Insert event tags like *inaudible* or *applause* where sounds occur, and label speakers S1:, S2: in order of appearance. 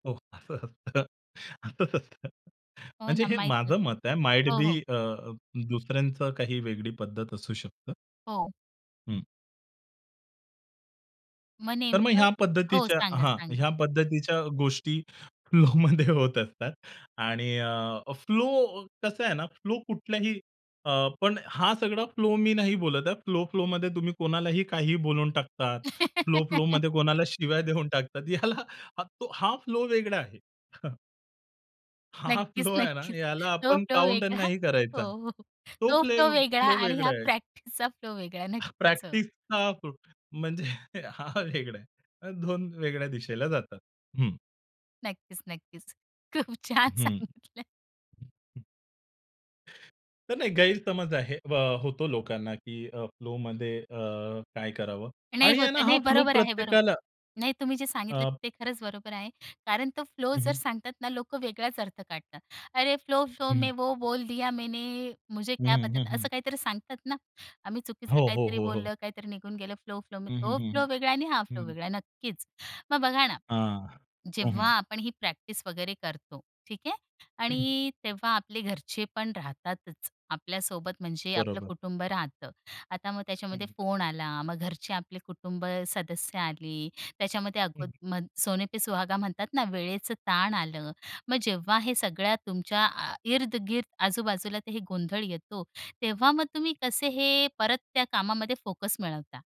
S1: हो, असं असतं. असंच असतं.
S2: हो
S1: म्हणजे
S2: ना,
S1: हे
S2: माहीत नाही.
S1: माझं मत आहे माईट
S2: हो,
S1: बी
S2: हो.
S1: अ, दुसऱ्यांच काही वेगळी पद्धत असू शकतं.
S2: हो.
S1: हं.
S2: मग
S1: तर मग
S2: नेमकं
S1: ह्या
S2: हो,
S1: पद्धतीच्या
S2: सांगा,
S1: हां,
S2: सांगा?
S1: ह्या पद्धतीच्या गोष्टी फ्लोमध्ये होत असतात. आणि अ, फ्लो कसं आहे ना, फ्लो कुठल्याही अ, पण हा सगळा फ्लो मी नाही बोलत आहे. फ्लो-फ्लोमध्ये तुम्ही कोणालाही काहीही बोलून टाकतात.
S2: *giggles*
S1: फ्लो-फ्लोमध्ये कोणाला शिव्या देऊन टाकतात. याला तो हा फ्लो वेगळा आहे. *chuckles* हा
S2: नक्कीच,
S1: फ्लो आहे ना,
S2: नक्कीच.
S1: याला
S2: तो
S1: आपण
S2: फ्लो
S1: काउंट
S2: वेगळा
S1: नाही
S2: हो,
S1: करायचा.
S2: हो.
S1: तो
S2: तो
S1: फ्ले
S2: फ्लो वेगळा
S1: फ्लो
S2: आणि
S1: वेगळा
S2: ह्या
S1: आहे.
S2: प्रॅक्टिसचा फ्लो वेगळा. नक्कीच हो.
S1: प्रॅक्टिसचा *unintelligible* म्हणजे हा वेगळा आहे. 2 वेगळ्या दिशेला जातात. हं.
S2: नक्कीच, नक्कीच. खूप छान
S1: हं.
S2: सांगितलंय.
S1: तर नाही गैरसमज आहे अ, होतो लोकांना की अ, फ्लोमध्ये अ, काय करावं
S2: नाही
S1: आणि आहे
S2: होत
S1: ना, हा
S2: नाही
S1: फ्लो
S2: बरोबर आहे, बरोबर.
S1: प्रत्येकाला
S2: नाही तुम्ही जे सांगितल
S1: अ
S2: ते खरंच बरोबर आहे. कारण तो फ्लो
S1: हं,
S2: जर
S1: हं.
S2: सांगतात ना, लोकं वेगळाच अर्थ काढतात. "अरे फ्लो-फ्लो में
S1: हं.
S2: वो बोल दिया मैने. मुझे
S1: हं,
S2: क्या पता
S1: हं,
S2: था?"
S1: हं.
S2: असं काहीतरी सांगतात ना, आम्ही चुकीचं
S1: हो, हो,
S2: काहीतरी
S1: हो, हो.
S2: बोललं काहीतरी निघून गेलं फ्लो-फ्लो
S1: हं, हं,
S2: तो
S1: हं,
S2: फ्लो
S1: हं,
S2: वेगळा आहे आणि हा फ्लो
S1: हं.
S2: वेगळा आहे नक्कीच. मग बघा ना,
S1: हां, हं,
S2: जेव्हा
S1: हं.
S2: आपण ही प्रॅक्टिस वगैरे करतो ठीक आहे
S1: हं.
S2: आणि तेव्हा आपले घरचे पण राहतातच आपल्या सोबत म्हणजे आपलं
S1: बरोबर.
S2: कुटुंब राहतं. आता मग
S1: हं,
S2: त्याच्यामध्ये
S1: हं.
S2: फोन आला, मग घरचे आपले कुटुंब सदस्य आले. त्याच्यामध्ये
S1: हं, हं.
S2: अ, सोने पे सुहागा म्हणतात ना, वेळेचं ताण आलं. मग जेव्हा हे सगळ्या तुमच्या अ, इर्द गिर्द आजूबाजूला तर हे गोंधळ येतो तेव्हा मग तुम्ही कसे हे परत त्या कामामध्ये फोकस मिळवता?